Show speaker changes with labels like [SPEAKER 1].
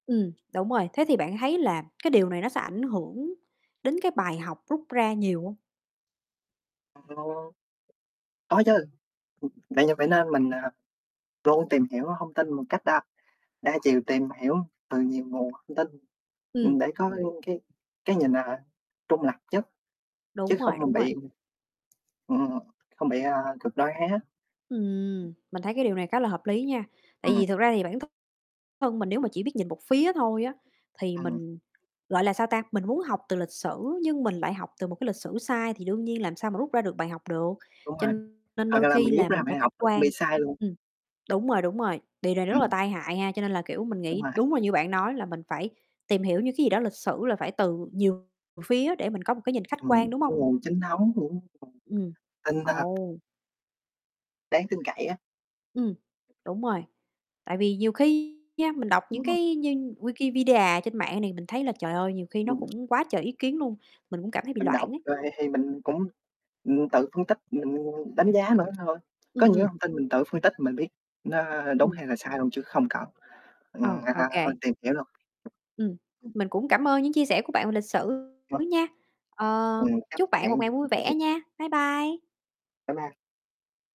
[SPEAKER 1] Ừm. Đúng rồi, thế thì bạn thấy là cái điều này nó sẽ ảnh hưởng đến cái bài học rút ra nhiều hông?
[SPEAKER 2] A lô. Có chứ. Ừm, vậy giờ phải nên mình, à, luôn tìm hiểu thông tin một cách đa đa chiều, tìm hiểu từ nhiều nguồn thông tin.
[SPEAKER 1] Ừm.
[SPEAKER 2] Ừm, để có, ừ, cái cái nhìn, à ha, trung lập nhất, chứ
[SPEAKER 1] Đúng
[SPEAKER 2] không
[SPEAKER 1] rồi,
[SPEAKER 2] mình
[SPEAKER 1] đúng rồi.
[SPEAKER 2] bị ừ, không bị, a, cực đoan hay há.
[SPEAKER 1] Ừm. Mình thấy cái điều này khá là hợp lý nha, tại
[SPEAKER 2] Ừm.
[SPEAKER 1] vì thực ra thì bản th thân mình nếu mà chỉ biết nhìn một phía thôi á, thì
[SPEAKER 2] Ừm.
[SPEAKER 1] mình gọi là sao ta, mình muốn học từ lịch sử, nhưng mình lại học từ một cái lịch sử sai thì đương nhiên làm sao mà rút ra được bài học được.
[SPEAKER 2] Đúng
[SPEAKER 1] Cho
[SPEAKER 2] rồi.
[SPEAKER 1] nên đôi
[SPEAKER 2] Hoặc là mình
[SPEAKER 1] khi
[SPEAKER 2] rút
[SPEAKER 1] là
[SPEAKER 2] ra
[SPEAKER 1] mình
[SPEAKER 2] bài
[SPEAKER 1] phải
[SPEAKER 2] học
[SPEAKER 1] khách
[SPEAKER 2] nó cũng bị
[SPEAKER 1] quan.
[SPEAKER 2] sai luôn.
[SPEAKER 1] Ừm. Đúng rồi, đúng rồi. Điều này rất là
[SPEAKER 2] Ừm.
[SPEAKER 1] tai hại ha, cho nên là, kiểu, mình
[SPEAKER 2] Đúng
[SPEAKER 1] nghĩ
[SPEAKER 2] rồi.
[SPEAKER 1] đúng là như bạn nói là mình phải tìm hiểu như cái gì đó lịch sử là phải từ nhiều phía để mình có một cái nhìn khách
[SPEAKER 2] Từ
[SPEAKER 1] quan, đúng hông?
[SPEAKER 2] cái nguồn chính thống của [unintelligible]
[SPEAKER 1] Ừm.
[SPEAKER 2] tin, a
[SPEAKER 1] Ồ!
[SPEAKER 2] đáng tin cậy á.
[SPEAKER 1] Ừm. Đúng rồi. Tại vì nhiều khi nha, mình đọc
[SPEAKER 2] Ừm,
[SPEAKER 1] những
[SPEAKER 2] ừm.
[SPEAKER 1] cái như Wikipedia trên mạng này mình thấy là, trời ơi, nhiều khi nó
[SPEAKER 2] Ừm.
[SPEAKER 1] cũng quá trời ý kiến luôn, mình cũng cảm thấy bị
[SPEAKER 2] Mình đọc
[SPEAKER 1] loạn ấy.
[SPEAKER 2] rồi thì mình cũng, ừm, tự phân tích, mình đánh giá nữa thôi. Có
[SPEAKER 1] Ừm,
[SPEAKER 2] những cái
[SPEAKER 1] ừm.
[SPEAKER 2] thông tin mình tự phân tích mình biết nó đúng
[SPEAKER 1] Ừm.
[SPEAKER 2] hay là sai luôn, chứ không cần,
[SPEAKER 1] Ừ,
[SPEAKER 2] ừm,
[SPEAKER 1] ô
[SPEAKER 2] à,
[SPEAKER 1] kê.
[SPEAKER 2] tìm hiểu luôn. [unintelligible]
[SPEAKER 1] Ừm.
[SPEAKER 2] Ừm.
[SPEAKER 1] Mình cũng cảm ơn những chia sẻ của bạn về lịch sử
[SPEAKER 2] [unintelligible]
[SPEAKER 1] nha. Ờ.
[SPEAKER 2] Ừm. Cám ơn
[SPEAKER 1] Chúc bạn một
[SPEAKER 2] bạn
[SPEAKER 1] ngày
[SPEAKER 2] vì cuộc
[SPEAKER 1] vui
[SPEAKER 2] trò
[SPEAKER 1] vẻ
[SPEAKER 2] chuyện.
[SPEAKER 1] nha. Bye, bye!
[SPEAKER 2] Bye, bye.